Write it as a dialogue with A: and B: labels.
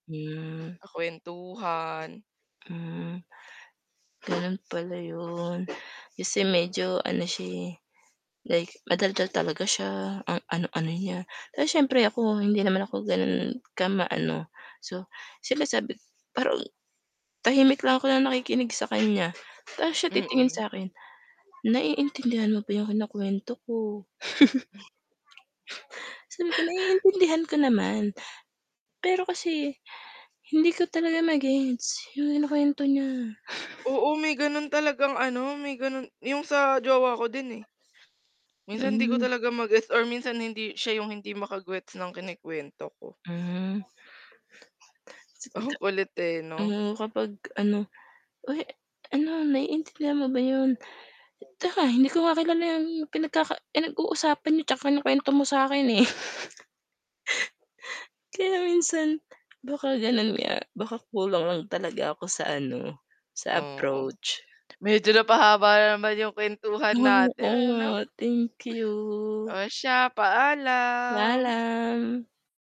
A: Hmm.
B: Kakwentuhan.
A: Hmm. Gano'n pala 'yon, kasi medyo ano siya, eh, like madaldal talaga siya, ang ano-ano niya 'tas siyempre ako hindi naman ako gano'n kama ano, so siyempre sabi ko pero, tahimik lang ako na nakikinig sa kanya. 'tas siya titingin
B: Mm.
A: sa'kin, naiintindihan mo ba 'yong kinukuwento ko? Sabi ko naiintindihan ko naman, pero kasi, hindi ko talaga ma-gets yung kinukwento niya.
B: Oo, may ganun talagang ano, may ganun 'yung sa jowa ko din, eh. Minsan 'di ko
A: Hmm.
B: talaga ma-gets or minsan hindi siya yung hindi maka-gets ng kinukwento ko.
A: Hmm.
B: Ang
A: [unintelligible]
B: kulit, eh, 'no.
A: Oo, kapag ano, "Uy, ano naiintindihan mo ba 'yun? 'Tsaka hindi ko nga kilala yung pinagkaka pinag-uusapan n'yo 'tsaka yung kinukwento mo sa akin, eh." Kaya minsan, baka ganun nga, baka kulang lang talaga ako sa ano, sa
B: Oo,
A: approach.
B: medyo napahaba na naman yung kwentuhan
A: Oh,
B: natin,
A: oo nga,
B: ano?
A: thank you.
B: Oh siya, paalam.
A: Paalam.